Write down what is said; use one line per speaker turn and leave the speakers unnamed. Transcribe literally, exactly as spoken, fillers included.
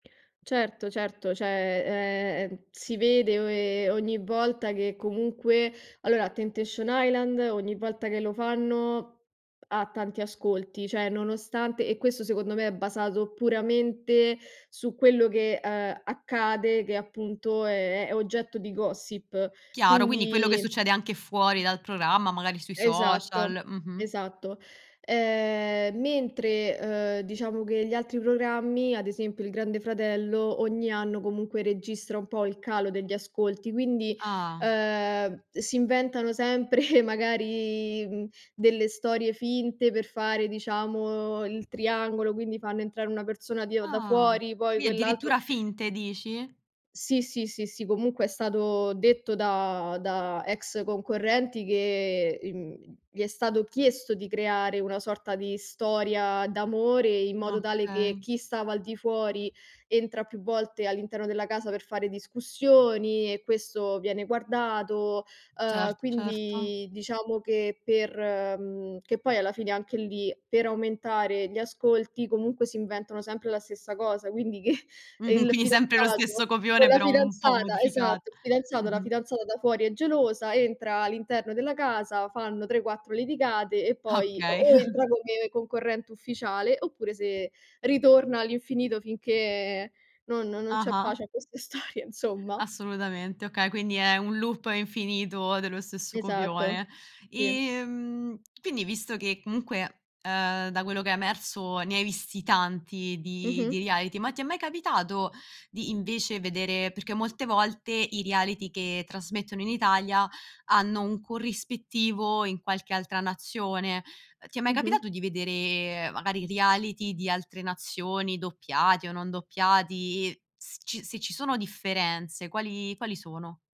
Certo, certo, ceh, ehm, si vede o e ogni volta che comunque allora, Temptation Island, ogni volta che lo fanno, ha tanti ascolti; ceh nonostante e questo secondo me è basato puramente su quello che, ehm, accade, ed è appunto è è oggetto di gossip;
Chiaro, quindi quello che
quindi
succede anche fuori dal programma, magari sui social,
Esatto,
mh-mh.
esatto. Ehm, mentre, uhm, diciamo che gli altri programmi, ad esempio il Grande Fratello, ogni anno comunque registra un po' il calo degli ascolti, quindi,
Ah.
ehm, si inventano sempre magari, mhmm, delle storie finte per fare, diciamo, il triangolo, quindi fanno entrare una persona di o da
Ah.
fuori, poi
Qui
quell'altro
addirittura finte, dici?
Sì, sì, sì, sì, comunque è stato detto da da ex concorrenti che, ehm, gli è stato chiesto di creare una sorta di storia d'amore in modo tale che,
Okay.
chi stava al di fuori entra più volte all'interno della casa per fare discussioni e questo viene guardato,
Cert
uhm,
certo.
quindi diciamo che per mhmm, che poi alla fine anche lì, per aumentare gli ascolti comunque si inventano sempre la stessa cosa. Quindi che, ehm,
Mh-mh.
il
Quindi sempre lo stesso
fidanzato, o
copione
la
però un po'
fidanzata
modificat
esatto, il fidanzato, la
mh-mh.
fidanzata da fuori è gelosa, entra all'interno della casa, fanno tre, quattro litigate e poi o
Okay.
o entra come concorrente ufficiale, oppure se ritorna all'infinito finché non non non c'è
Ah-ah.
pace a queste storia, insomma.
Assolutamente, okay, quindi è un loop infinito dello stesso copione.
Esatto, sì.
Ehm, quindi visto che comunque, ehm, da quello che è emerso ne hai visti tanti di di
Mh-mh.
reality, ma ti è mai capitato di invece vedere perché molte volte i reality che trasmettono in Italia hanno un corrispettivo in qualche altra nazione, ehm, ti è mai
Mh-mh.
capitato di vedere, magari i reality di altre nazioni doppiati o non doppiati, s ci se ci sono differenze quali quali sono?